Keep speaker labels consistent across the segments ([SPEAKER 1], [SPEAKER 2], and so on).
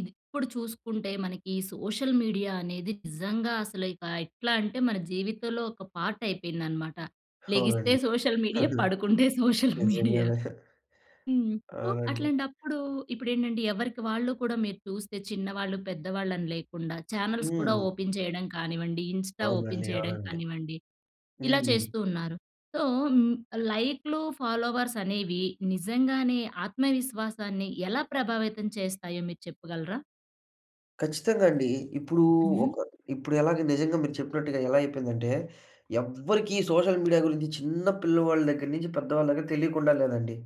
[SPEAKER 1] ఇది ఇప్పుడు చూసుకుంటే మనకి ఈ సోషల్ మీడియా అనేది నిజంగా అసలు ఇక ఎట్లంటే మన జీవితంలో ఒక పార్ట్ అయిపోయిందనమాట. లెగిస్తే
[SPEAKER 2] హావునండి.
[SPEAKER 1] సోషల్ మీడియా, పడుకుంటే సోషల్ మీడియా.
[SPEAKER 2] నిజంగానే.
[SPEAKER 1] హ్మ్. సో,
[SPEAKER 2] అవునండి.
[SPEAKER 1] అట్లాంటప్పుడు, ఇప్పుడేంటంటే ఎవరికి వాళ్ళు కూడా మీరు చూస్తే చిన్నవాళ్ళు, పెద్దవాళ్ళని లేకుండా, చానెల్స్ కూడా
[SPEAKER 2] హ్మ్.
[SPEAKER 1] ఓపెన్ చేయడం కానివ్వండి, ఇన్‌స్టా ఓపెన్
[SPEAKER 2] అవునండి.
[SPEAKER 1] చేయడం
[SPEAKER 2] అవునండి.
[SPEAKER 1] కానివ్వండి, ఇలా
[SPEAKER 2] హ్మ్.
[SPEAKER 1] చేస్తూ ఉన్నారు. సో హ్మ్. లైకులు ఫాలోవర్స్ అనేవి నిజంగానే ఆత్మవిశ్వాసాన్ని ఎలా ప్రభావితం చేస్తాయో మీరు చెప్పగలరా?
[SPEAKER 2] ఖచ్చితంగా అండి. ఇప్పుడూ
[SPEAKER 1] హ్మ్.
[SPEAKER 2] ఒక ఇప్పుడు ఎలాగా నిజంగా మీరు చెప్పినట్టుగా ఎలా అయిపోయిందంటే ఎవ్వరికి సోషల్ మీడియా గురించి చిన్న పిల్లవాళ్ళ దగ్గర నుంచి పెద్దవాళ్ళ దగ్గర తెలియకుండా లేదండి.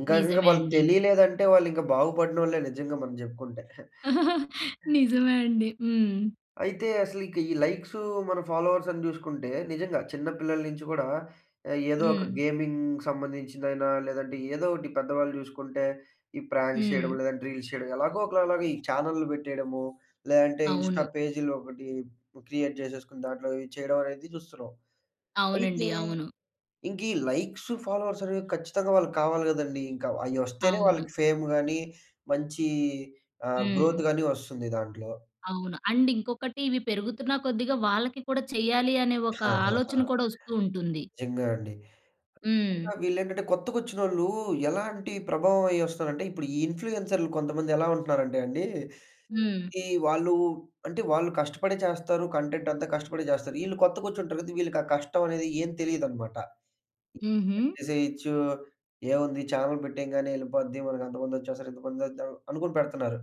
[SPEAKER 2] ఇంకా ఇంకా
[SPEAKER 1] నిజమే
[SPEAKER 2] వాళ్ళకి
[SPEAKER 1] అండి.
[SPEAKER 2] తెలియలేదంటే వాళ్ళు ఇంకా బాగుపడినోళ్ళే నిజంగా మనం జెప్పుకుంటే.
[SPEAKER 1] నిజమే అండి. హ్మ్.
[SPEAKER 2] అయితే అసలిక ఈ లైక్స్, మన ఫాలోవర్స్ అని జూసుకుంటే నిజంగా చిన్న పిల్లల నుంచి గూడా ఏదో ఒక
[SPEAKER 1] హ్మ్.
[SPEAKER 2] గేమింగ్‌కి సంబంధించిదైనా లేదంటే ఏదో ఒకటి పెద్దవాళ్ళు చూసుకుంటే ఈ ప్రాంక్స్
[SPEAKER 1] హ్మ్.
[SPEAKER 2] చేయడం. లేదంటే రీల్స్ చేయడం ఎలాగో ఒకలలాగా ఈ చానెల్లు పెట్టేయడము, లేదంటే
[SPEAKER 1] అవును.
[SPEAKER 2] ఇన్‌స్టా పేజ్‌లో ఒకటి క్రియేట్ జేసేసుకొని దాంట్లో ఇవి చేయడం అనేది చూస్తున్నాం. అయితే
[SPEAKER 1] అవునండి. అవును.
[SPEAKER 2] ఇంక ఈ లైక్స్ ఫాలోవర్స్ అనేవి కచ్చితంగా వాళ్ళకి కావాలి గదండీ. ఇంకా అయ్యొస్తేనే
[SPEAKER 1] అవును.
[SPEAKER 2] వాళ్ళకి ఫేమ్ గాని, మంచి ఆహ్, గ్రోత్
[SPEAKER 1] హ్మ్.
[SPEAKER 2] గాని వస్తుంది దాంట్లో.
[SPEAKER 1] అవును. అండ్ ఇంకొకటి ఇవి పెరుగుతున్న కొద్దిగా వాళ్ళకి కూడా చెయ్యాలి అనే ఒక ఆలోచన కూడా వస్తూ ఉంటుంది.
[SPEAKER 2] నిజంగా అండి. ఆ!
[SPEAKER 1] హ్మ్.
[SPEAKER 2] వీళ్ళేంటంటే కొత్తగొచ్చినోళ్ళూ ఎలాంటి ప్రభావం అయ్యొస్తారంటే, ఇప్పుడు ఈ ఇన్‌ఫ్లుయెన్సర్లు కొంతమందెలా ఉంటున్నారంటే అండి,
[SPEAKER 1] హ్మ్.
[SPEAKER 2] ఈ వాళ్ళు అంటే వాళ్ళు కష్టపడే చేస్తారు. కంటెంటంతా కష్టపడే చేస్తారు. ఈళ్ళు కొత్తగొచ్చుంటారు కదా! వీళ్ళకి ఆ కష్టం అనేది ఏం తెలియదనమాట.
[SPEAKER 1] హుహు.
[SPEAKER 2] చేసేయొచ్చు. ఏవుంది ఛానెల్ పెట్టేంగానే యెళ్ళిపోద్ది మనకు అంతమందొచ్చేస్తారు, ఇంతమందొద్దాం అనుకుని పెడుతున్నారు.